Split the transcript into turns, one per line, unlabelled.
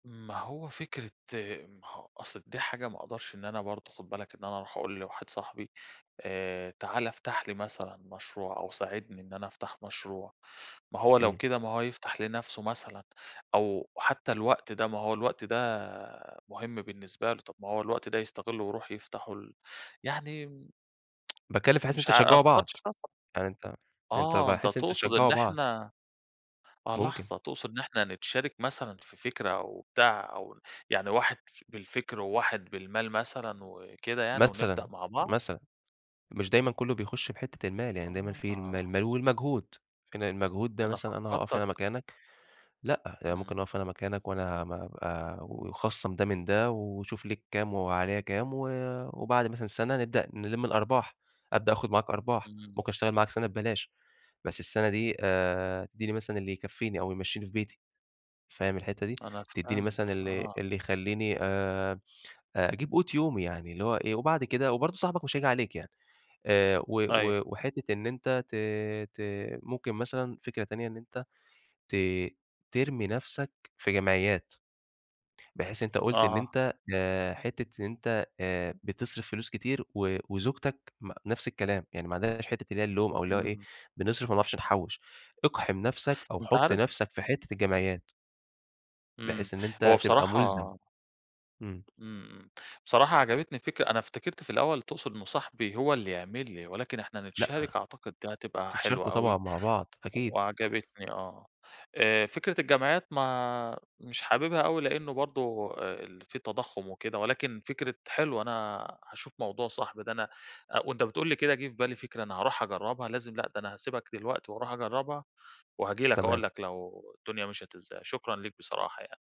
ما هو فكرة ما هو أصل دي حاجة ما أقدَرش إن أنا برضه خُد بالك إن أنا أرُوح أقول لواحد صاحبي آآ، تعالَ افتح لي مثلًا مشروع أو ساعدني إن أنا أفتح مشروع، ما هو لو
إمم.
كده، ما هو يفتح لنفسه مثلًا أو حتى الوقت ده، ما هو الوقت ده مهم بالنسبة له، طَب ما هو الوقت ده يستغلّه ويرُوح يفتحه ال يعني
باتكلّم في حيث إن
مش
أنتم
عا أنا ما
تشجّعوا
فكرّتش
بعض،
فيه الصرا
يعني أنت أنت،
آه أنت
بحيث أنتم
تقصُد إن
تشجّعوا بعض.
إحنا آه
ممكن.
لحظة، تقصُد إن إحنا نتشارك مثلًا في فكرة أو بتاع أو يعني واحد ف بالفِكر وواحد بالمال مثلًا وكده يعني ونبدأ
مثلًا،
مع بعض؟
مثلًا. مش دايمًا كلّه بيخُش بحِتّة المال، يعني دايمًا في المال
آه.
المال والمجهود، [unintelligible] المجهود ده
أنا
مثلًا أنا هاقَف
فكّرتَك
أنا مكانك، لأ يعني ممكن
إمم.
أقَف أنا مكانك وأنا م ابقى ويخصّم ده من ده وشوف ليك كام وعليَّ كام و وبَعد مثلًا سَنَة نبدأ نلِم الأرباح، أبدأ آخُد معاك أرباح،
إمم.
ممكن أشتغل معاك سَنَة ببلاش، بس السنة دي آآ، تدّيني مثلًا اللي يكفّيني أو يمشّيني في بيتي، فاهم الحِتّة دي؟
أنا
تدّيني مثلًا
فهِمت،
اللي
آه.
اللي يخلّيني آآ آآ أجيب قوت يومي يعني، اللي هو إيه، وبعد كده وبرضه صاحبك مش هييجي عليك يعني آآ، و
أيوه.
و وحِتّة إن أنت ت ت ممكن مثلًا فكرة تانية، إن أنت ت ترمي نفسك في جمعيّات، بحيث أنت قُلت إن
أها.
أنت آآ، حِتّة إن أنت آآ، بتصرِف فلوس كتير و وزوجتك م نفس الكلام، يعني ما عندهاش حِتّة اللي هي اللوم أو اللي هو إيه،
إمم.
بنصرِف ما بنعرفش نحوّش، اقحِم نفسك أو
أنت
حُط
عارف
نفسك في حِتّة الجمعيّات.
إمم.
بحيث إن
هو
أنت تبقى مُلزَم.
بصراحة
إمم.
إمم، إمم، بصراحة عجبتني الفكرة، أنا افتكرت في الأول تقصُد إنه صاحبي هو اللي يعمل لي، ولكن إحنا
لأ،
نتشارك أعتقد دي هتبقى
تتشاركوا
حلوة
طبعًا
أوي
مع بعض أكيد.
وعجبتني، آه آآ، فكرة الجمعيّات، ما مش حاببها أوي لأنه برضه آآ ال في تضخُّم وكده ولكن فكرة حلوة، أنا هاشوف موضوع صاحبي ده أنا أ وأنت بتقول لي كده جه في بالي فكرة أنا هاروح أجرّبها، لازم، لأ ده أنا هاسيبك دلوقتي وأرُوح أجرّبها، وهاجي لك
تمام.
أقول لك لو الدنيا مِشَيت إزاي. شكرًا ليك بصراحة يعني.